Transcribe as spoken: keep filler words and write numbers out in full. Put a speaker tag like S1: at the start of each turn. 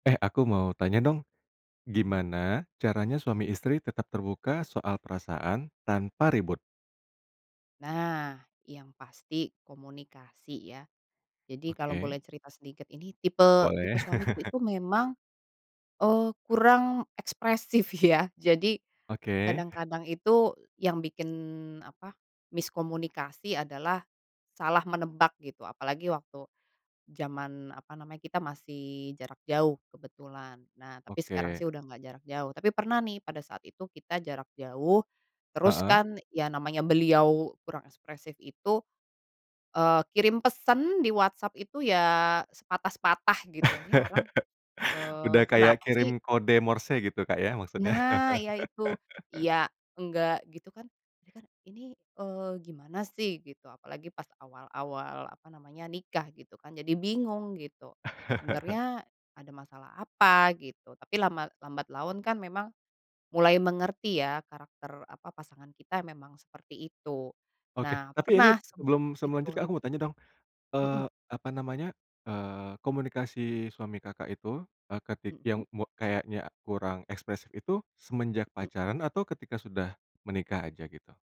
S1: Eh, aku mau tanya dong,
S2: Mhm.
S1: gimana caranya suami istri tetap terbuka soal perasaan, tanpa ribut?
S2: Nah, yang pasti komunikasi ya. Jadi kalau boleh
S1: Oke.
S2: cerita sedikit ini tipe tipe
S1: Boleh.
S2: suamiku itu memang, eee, kurang ekspresif, ya, jadi,
S1: Oke.
S2: kadang-kadang itu yang bikin apa miskomunikasi adalah salah menebak gitu. Apalagi waktu zaman apa namanya kita masih jarak jauh kebetulan. Nah, tapi sekarang
S1: Oke.
S2: sih udah nggak jarak jauh, tapi pernah nih pada saat itu kita jarak jauh terus,
S1: Heeh.
S2: kan, ya, namanya beliau kurang ekspresif itu, eee, kirim pesan di WhatsApp itu, ya, sepatah-sepatah gitu ini orang, eee,
S1: Udah kayak
S2: kenapa
S1: kirim
S2: sih?
S1: kode morse gitu Kak, ya, maksudnya?
S2: Nah, ya, itu iya, enggak, gitu, kan, ini, kan, ini, eee, gimana sih? Gitu. Apalagi pas awal-awal apa namanya nikah gitu kan jadi bingung gitu. Sebenernya ada masalah apa? Gitu. Tapi lama lambat laun, kan, memang mulai mengerti, ya, karakter apa pasangan kita memang seperti itu.
S1: Oke,
S2: Nah,
S1: tapi ini
S2: pernah sempat
S1: sebelum seme
S2: itu
S1: lanjut,
S2: rib
S1: aku mau tanya dong,
S2: Heeh.
S1: eee, apa namanya, eee, komunikasi suami Kakak itu, eee, ketik
S2: Heeh.
S1: yang me kayaknya kurang ekspresif itu semenjak
S2: Heeh.
S1: pacaran atau ketika sudah menikah aja gitu?